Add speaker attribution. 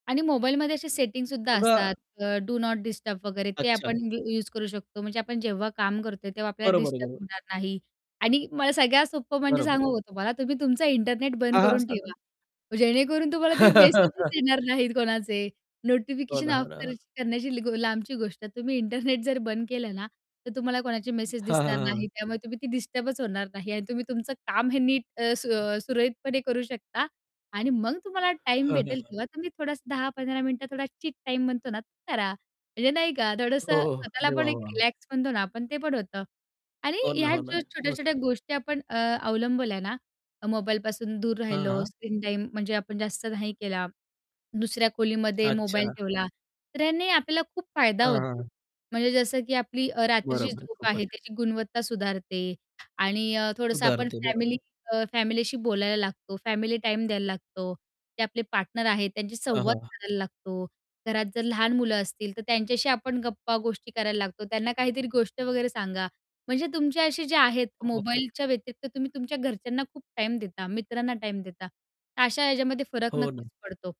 Speaker 1: आणि मोबाईलमध्ये असे सेटिंगसुद्धा
Speaker 2: बघा
Speaker 1: असतात अ, डू नॉट डिस्टर्ब वगैरे ते आपण
Speaker 2: अच्छा.
Speaker 1: यू यूज करू शकतो म्हणजे आपण जेव्हा काम करतोय, तेव्हा आपल्याला
Speaker 2: बरोबर,
Speaker 1: डिस्टर्ब
Speaker 2: बरोबर.
Speaker 1: होणार नाही. आणि मला सगळ्यात सोप्पं म्हणजे
Speaker 2: बरोबर.
Speaker 1: सांगू का तुम्हाला तुम्ही तुमचा इंटरनेट
Speaker 2: हां,
Speaker 1: बंद
Speaker 2: हां.
Speaker 1: करून
Speaker 2: सांगा.
Speaker 1: ठेवा. जेणेकरून तुम्हाला ते मेसेज येणार नाहीत कोणाचे,
Speaker 2: हो
Speaker 1: नोटिफिकेशन
Speaker 2: ना, हो
Speaker 1: ऑफ
Speaker 2: ना, हो, ना.
Speaker 1: करण्या करण्याची लांबची गोष्ट आहे. तुम्ही इंटरनेट जर बंद केलं ना, तर तुम्हाला कोणाची मेसेज
Speaker 2: हां, हां,
Speaker 1: दिसणार
Speaker 2: हां, हां.
Speaker 1: नाही त्यामुळे तुम्ही ती डिस्टर्बच होणार नाही आणि तुम्ही तुमचं काम हे नीट अ, सू अ, सुरळीतपणे करू शकता आणि मग तुम्हाला टाईम
Speaker 2: हां, हां,
Speaker 1: भेटेल,
Speaker 2: हां.
Speaker 1: तेव्हा तुम्ही थोडासा 10-15 मिनिटं थोडा चीट टाईम म्हणतो ना, करा म्हणजे नाही का
Speaker 2: हो,
Speaker 1: थोडसं स्वतःला
Speaker 2: अरे
Speaker 1: पण
Speaker 2: वाह
Speaker 1: एक
Speaker 2: वाह!
Speaker 1: रिलॅक्स म्हणतो ना आपण ते पण होतं. आणि
Speaker 2: हो ना,
Speaker 1: ह्या
Speaker 2: हो ना.
Speaker 1: ज्या
Speaker 2: मस्त.
Speaker 1: छोट्या-छोट्या गोष्टी आपण अ, अवलंबल्या ना, मोबाईलपासून दूर राहिलो,
Speaker 2: हां.
Speaker 1: स्क्रीन टाईम म्हणजे आपण जास्त नाही केला, दुसऱ्या खोलीमध्ये मोबाईल
Speaker 2: अच्छा.
Speaker 1: ठेवला, तर याने आपल्याला खूप फायदा
Speaker 2: हां,
Speaker 1: होतो.
Speaker 2: हां.
Speaker 1: म्हणजे जसं की आपली अ, रात्रीची
Speaker 2: बरोबर,
Speaker 1: झोप आहे
Speaker 2: खूपच.
Speaker 1: त्याची गुणवत्ता सुधारते आणि अ, थोडंसं आपण
Speaker 2: सुधारते,
Speaker 1: फॅमिली
Speaker 2: बरोबर.
Speaker 1: अ, फॅमिलीशी बोलायला लागतो, फॅमिली टाईम द्यायला लागतो, ते आपले पार्टनर आहेत त्यांची
Speaker 2: हां,
Speaker 1: संवाद
Speaker 2: हां.
Speaker 1: करायला लागतो, घरात जर लहान मुलं असतील तर त्यांच्याशी आपण गप्पा गोष्टी करायला लागतो. त्यांना काहीतरी गोष्ट वगैरे सांगा म्हणजे तुमचे असे जे आहेत
Speaker 2: हो.
Speaker 1: मोबाईलच्या व्यतिरिक्त तुम्ही तुमच्या घरच्यांना खूप टाईम देता, मित्रांना टाईम देता अशा याच्यामध्ये फरक
Speaker 2: हो
Speaker 1: नक्कीच
Speaker 2: ना.
Speaker 1: पडतो.